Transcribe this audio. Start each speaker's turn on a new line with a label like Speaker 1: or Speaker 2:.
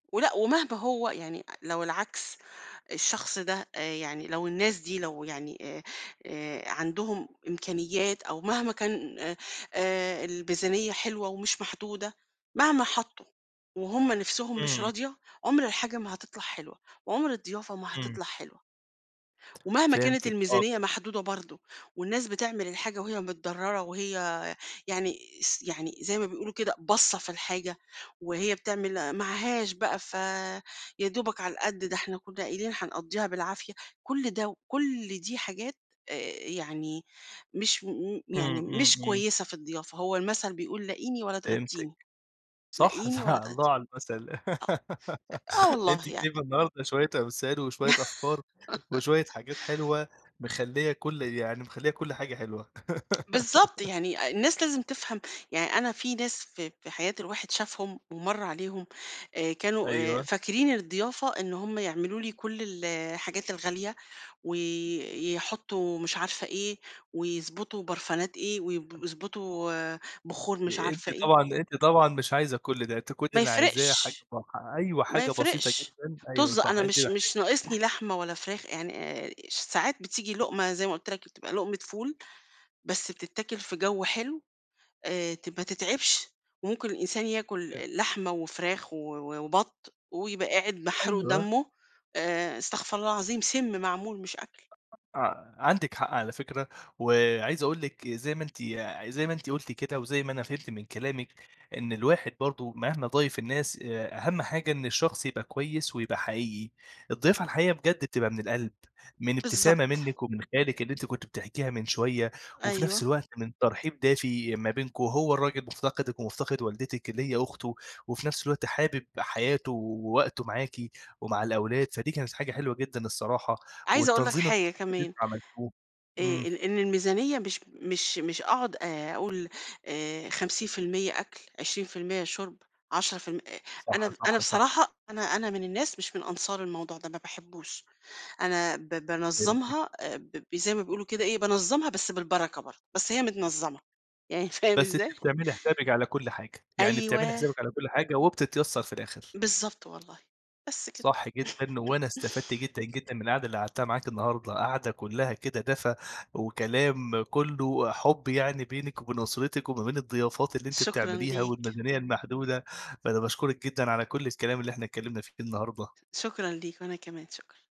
Speaker 1: ولأ ومهما هو يعني لو العكس، الشخص ده آآ، يعني لو الناس دي لو يعني آآ، آآ، عندهم إمكانيات أو مهما كان آآ، آآ، الميزانيّة حلوة ومش محدودة، مهما حطوا، وهم نفسهم مش
Speaker 2: امم.
Speaker 1: راضية، عمر الحاجة ما هتطلع حلوة، وعمر الضيافة ما
Speaker 2: امم.
Speaker 1: هتطلع حلوة. ومهما كانت
Speaker 2: فهمتِك، آه
Speaker 1: الميزانيّة
Speaker 2: [unintelligible]
Speaker 1: محدودة برضه، والناس بتعمل الحاجة وهي متضرّرة وهي، يعني س يعني زي ما بيقولوا كده باصّة في الحاجة، وهي بتعمل معهاش بقى ف يا دوبك على القد ده إحنا كنّا قايلين هنقضّيها بالعافية، كل ده وكل دي حاجات، آآ، يعني مش م
Speaker 2: امم،
Speaker 1: يعني
Speaker 2: امم،
Speaker 1: مش
Speaker 2: امم.
Speaker 1: كويّسة في الضيافة، هو المثل بيقول لاقيني ولا
Speaker 2: فهمتِك،
Speaker 1: تغدّيني
Speaker 2: صح،
Speaker 1: لاقيني ولا
Speaker 2: الله
Speaker 1: تغدّيني،
Speaker 2: على المثل،
Speaker 1: آه، آه
Speaker 2: أنتِ
Speaker 1: والله يعني.
Speaker 2: تجيبي النهارده شويّة أمثال وشويّة أفكار، وشويّة حاجات حلوة، مخلّية كل يعني مخلّية كل حاجة حلوة.
Speaker 1: بالضبط، يعني الناس لازم تفهم، يعني أنا في ناس ف في حياة الواحد شافهم، ومَرّ عليهم، آآ، كانوا آآ،
Speaker 2: أيوه.
Speaker 1: فاكرين الضيافة إن هم يعملوا لي كل ال الحاجات الغالية، ويحطوا مش عارفة إيه، ويضبُطوا برفانات إيه، ويب يضبُطوا آآ، بخور مش
Speaker 2: آآ، أنتِ
Speaker 1: عارفة إيه.
Speaker 2: طبعًا أنتِ طبعًا مش عايزة كُلّ ده، أنتِ كُلّ
Speaker 1: ما
Speaker 2: اللي عايزاه حاجة
Speaker 1: يفرقش،
Speaker 2: [unintelligible] أيوه
Speaker 1: ما
Speaker 2: حاجة بسيطة
Speaker 1: يفرقش،
Speaker 2: جدً، ا أيوه
Speaker 1: طظ،
Speaker 2: صح،
Speaker 1: أنا
Speaker 2: أنتِ
Speaker 1: مش
Speaker 2: محتاجة
Speaker 1: مش ناقصني لحمة ولا فراخ يعني آآ، ش ساعات بتيجي لقمة زي ما قُلت لك بتبقى لقمة فول، بس بتتاكل في جو حلو، آآ، ت ما تتعِبش، وممكن الإنسان ياكل
Speaker 2: [unintelligible]
Speaker 1: لحمة وفراخ و و وبط، ويبقى قاعد محروق
Speaker 2: أيوه.
Speaker 1: دمُّه، آآ، استغفر الله العظيم سِمّ معمول، مش أكل.
Speaker 2: آه، عندِك حق على فكرة، وعايز أقول لِك زي ما أنتِ يع زي ما أنتِ قُلتِ كده، وزي ما أنا فهمت من كلامِك، إن الواحد برضه مهما ضايف الناس، آآ، أهم حاجة إن الشخص يبقى كويّس، ويبقى حقيقي، الضيافة الحقيقية بجد بتبقى من القلب، من ابتسامة
Speaker 1: بالضبط.
Speaker 2: منِّك ومن خالِك اللي أنتِ كنتِ بتحكيها من شويّة، وفي
Speaker 1: أيوه.
Speaker 2: نفس الوقت من ترحيب دافي ما بينكم، هو الراجل مفتقدِك ومفتقد والدتِك اللي هي أخته، وفي نفس الوقت حابب حياته ووقته معاكِ، ومع الأولاد فدي كانت حاجة حلوة جدًا الصراحة،
Speaker 1: عايزة أقول لك
Speaker 2: والتنظيم
Speaker 1: حاجة
Speaker 2: الأُسري اللي
Speaker 1: كمان.
Speaker 2: أنتم عملتوه،
Speaker 1: آآ،
Speaker 2: امم.
Speaker 1: آآ، إن الميزانيّة مش مش مش أقعد آآ، أقول، آآ 50% أكل 20% شرب، 10% أ أنا
Speaker 2: صح،
Speaker 1: د أنا
Speaker 2: صح، صح.
Speaker 1: بصراحة أنا أنا من الناس مش من أنصار الموضوع ده، ما باحبوش، أنا ب
Speaker 2: فهمتِك.
Speaker 1: بانظّمها ب زي ما بيقولوا كده إيه بانظّمها بس بالبركة برضه، بس هي متنظّمة، يعني فاهم
Speaker 2: بس أنتِ
Speaker 1: إزاي؟
Speaker 2: بتعملي حسابِك على كُلّ حاجة، يعني بتعملي
Speaker 1: أيوه.
Speaker 2: حسابِك على كُلّ حاجة، وبتتيّسر في الآخر.
Speaker 1: بالضبط والله، بس كده.
Speaker 2: صح جدًا، وأنا استفدت جدًا، جدًا من القعدة اللي قعدتها معاكِ النهارده، قعدة كلّها كده دفى، وكلام كلّه حُب يعني بينِك وبين أسرتِك، وما بين الضيافات اللي أنتِ
Speaker 1: شكرًا
Speaker 2: بتعمليها،
Speaker 1: ليك.
Speaker 2: والميزانيّة المحدودة، فأنا باشكرِك جدًا على كُلّ الكلام اللي إحنا اتكلّمنا فيه النهارده.
Speaker 1: شكرًا ليك، وأنا كمان، شكرًا.